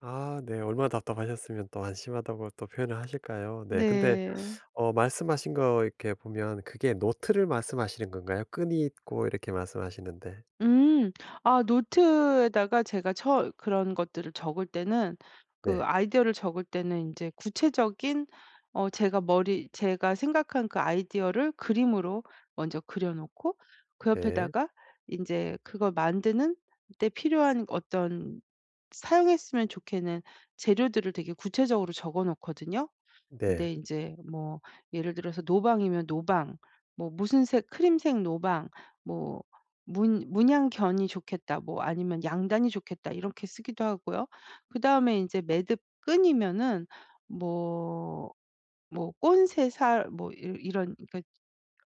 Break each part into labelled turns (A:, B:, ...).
A: 아 네 얼마나 답답하셨으면 또 한심하다고 또 표현을 하실까요? 네 근데
B: 네.
A: 어 말씀하신 거 이렇게 보면 그게 노트를 말씀하시는 건가요? 끈이 있고 이렇게 말씀하시는데
B: 음. 아 노트에다가 제가 처 그런 것들을 적을 때는 그
A: 네.
B: 아이디어를 적을 때는 인제 구체적인 어 제가 머리 제가 생각한 그 아이디어를 그림으로 먼저 그려 놓고 그
A: 네.
B: 옆에다가 인제 그걸 만드는 데 필요한 어떤 사용했으면 좋겠는 재료들을 되게 구체적으로 적어 놓거든요.
A: 네.
B: 근데 인제 뭐 예를 들어서 노방이면 노방 뭐 무슨 색 크림색 노방 뭐 문 '문양견이 좋겠다.' 뭐 아니면 '양단이 좋겠다.' 이렇게 쓰기도 하고요. 그다음에 인제 매듭 끈이면은 뭐 뭐 꼰새살 뭐 이러 이런 그러니까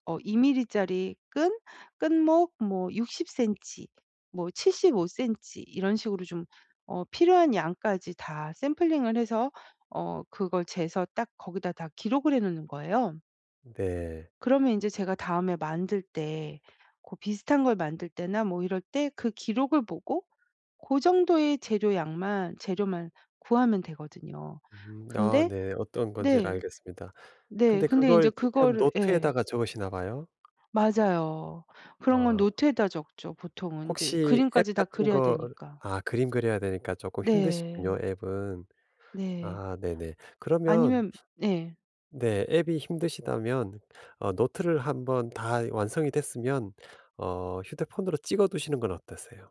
B: 어 2 밀리짜리 끈, 끈목 뭐 60 센티, 뭐 75 센티 이런 식으로 좀 어 필요한 양까지 다 샘플링을 해서 어 그걸 재서 딱 거기다 다 기록을 해 놓는 거예요.
A: 네.
B: 그러면 인제 제가 다음에 만들 때 고 비슷한 걸 만들 때나 뭐 이럴 때 그 기록을 보고 고 정도의 재료 양만 재료만 구하면 되거든요.
A: 음. 아
B: 근데
A: 네. 어떤 건지를
B: 네.
A: 알겠습니다.
B: 네
A: 근데
B: 근데 인제
A: 그걸 지금
B: 그거를 예.
A: 노트에다가 적으시나 봐요?
B: 맞아요. 그런 건
A: 아.
B: 노트에다 적죠 보통은 인제
A: 혹시
B: 그림까지
A: 앱
B: 다
A: 같은
B: 그려야
A: 걸
B: 되니까.
A: 아 그림 그려야 되니까 쪼끔 힘드시군요
B: 네.
A: 앱은.
B: 네.
A: 아 네네. 그러면
B: 아니면 예.
A: 네 앱이 힘드시다면 어 노트를 한번 다 이 완성이 됐으면 어 휴대폰으로 찍어 두시는 건 어떠세요?